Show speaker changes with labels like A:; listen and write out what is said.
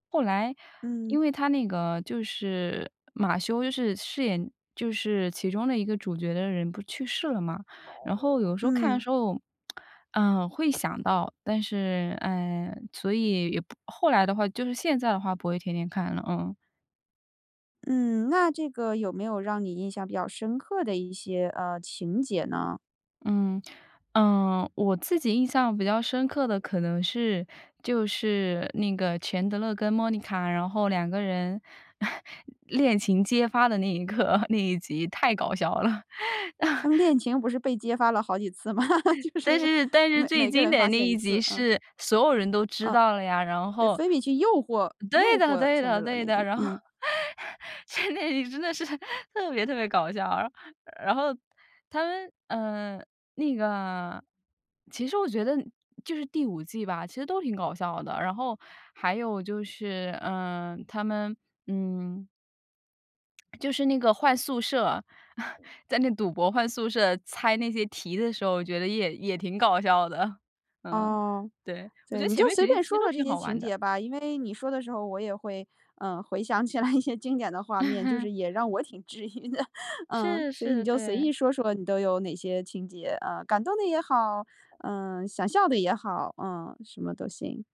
A: 后来
B: 嗯。
A: 因为他那个就是马修就是饰演就是其中的一个主角的人不去世了吗，然后有时候看的
B: 嗯。
A: 时候，嗯，会想到，但是呃，所以也不后来的话就是现在的话不会天天看了，嗯。
B: 嗯，那这个有没有让你印象比较深刻的一些，呃，情节呢？
A: 嗯，呃，我自己印象比较深刻的可能是就是那个钱德勒跟莫妮卡，然后两个人 恋情揭发的那一刻，那一集太搞笑了。
B: 他们 恋情不是被揭发了好几次吗？就
A: 但
B: 是
A: 是但是
B: 每
A: 最
B: 每个
A: 经
B: 人
A: 典
B: 发
A: 那
B: 现一
A: 一集
B: 次，嗯。
A: 是所有人都知
B: 哦。
A: 道了呀，然
B: 对，
A: 后
B: 菲比去诱惑
A: 对
B: 诱
A: 的，
B: 惑
A: 对
B: 钱德
A: 的，
B: 勒
A: 对
B: 那
A: 的，
B: 集，
A: 然后
B: 嗯。
A: 钱德里真的是 特别特别搞笑，然后他们嗯，那个其实我觉得就是第5季吧，其实都挺搞笑的，然后还有就是，呃，他们嗯。就是那个换宿舍，在那赌博，换宿舍，猜那些题的时候，我觉得也也挺搞笑的。嗯。
B: 哦，
A: 对，我觉
B: 对。
A: 得
B: 你
A: 前
B: 就
A: 面
B: 随
A: 几集
B: 便
A: 其实
B: 说
A: 都
B: 说这
A: 挺
B: 些
A: 好玩
B: 情
A: 的。
B: 节吧，因为你说的时候我也会，呃，回想起来一些经典的画面，就 是也让我挺质疑的。嗯。
A: 是，
B: 所以你
A: 是，
B: 就随
A: 对。
B: 意说说你都有哪些情节，啊，感动的也好，呃，想笑的也好，嗯，什么都行。